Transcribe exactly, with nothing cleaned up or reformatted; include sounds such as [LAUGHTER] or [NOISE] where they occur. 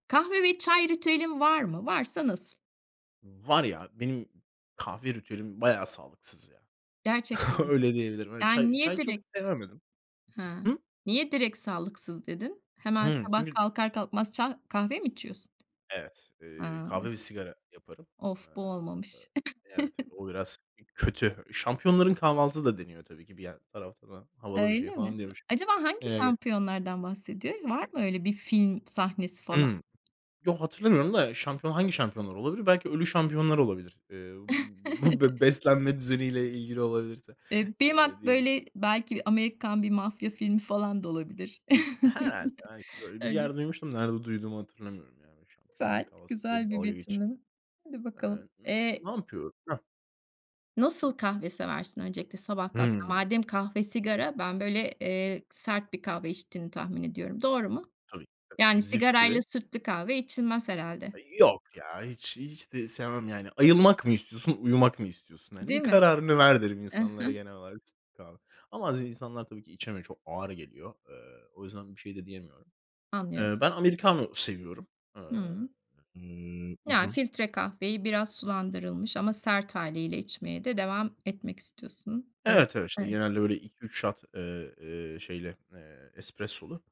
Kahve ve çay ritüelin var mı? Varsa nasıl? Var ya, benim kahve ritüelim bayağı sağlıksız ya. Gerçekten mi? Öyle diyebilirim evet. Yani Çay niye çay çok direkt sevemedim. Hı, Hı? niye direkt sağlıksız dedin? Hemen Hımm. sabah Çünkü kalkar kalkmaz çay kahve mi içiyorsun? Evet, eee, Ay. kahve ve sigara yaparım. Of, bu Iıı, olmamış. evet, [CHUCKLES] o biraz kötü. Şampiyonların kahvaltısı da deniyor tabii ki. Bir yan taraftan havalı bir şey Öyle mi? Eee, falan diyormuşum. acaba hangi Eee şampiyonlardan bahsediyor? Var mı öyle bir film sahnesi falan? Hımm. Yo, hatırlamıyorum da şampiyon, hangi şampiyonlar olabilir? Belki ölü şampiyonlar olabilir. Eee, bu be [CHUCKLES] beslenme düzeniyle ilgili olabilirse, Eee, benim eee, ak diye düşünüyorum. böyle, belki bir Amerikan bir mafya filmi falan da olabilir. Herhâlde [CHUCKLES] belki böyle bir Öyle. yer duymuştum. Nerede duyduğumu hatırlamıyorum yani. Şampiyonların Güzel, kahvaltısı diye güzel bir dalga geçiyor. betimleme. Hadi Eee, bakalım. ımm, Eee ne yapıyor? Hah? Nasıl kahve seversin öncelikle, sabah kalktığında? Hımm. Madem kahve sigara, ben böyle, eee, sert bir kahve içtiğini tahmin ediyorum. Doğru mu? Tabii tabii. Yani Zift sigarayla gibi sütlü kahve içilmez herhâlde. Yok ya, hiç hiç de sevmem yani. Ayılmak mı istiyorsun? Uyumak mı istiyorsun hani? Değil Bir mi? kararını ver derim Hı hı. insanlara genel olarak, sütlü kahve. Ama bazı insanlar tabii ki içemiyor, çok ağır geliyor. Eee, o yüzden bir şey de diyemiyorum. Anlıyorum. Eee, ben americano seviyorum. Aaa, Hımm. ııı, Ya, uzun. filtre kahveyi biraz sulandırılmış ama sert hâliyle içmeye de devam etmek istiyorsun, ııı, Evet, evet. İşte evet. genelde böyle iki üç shot, eee, eee, şeyli, eee, espressolu.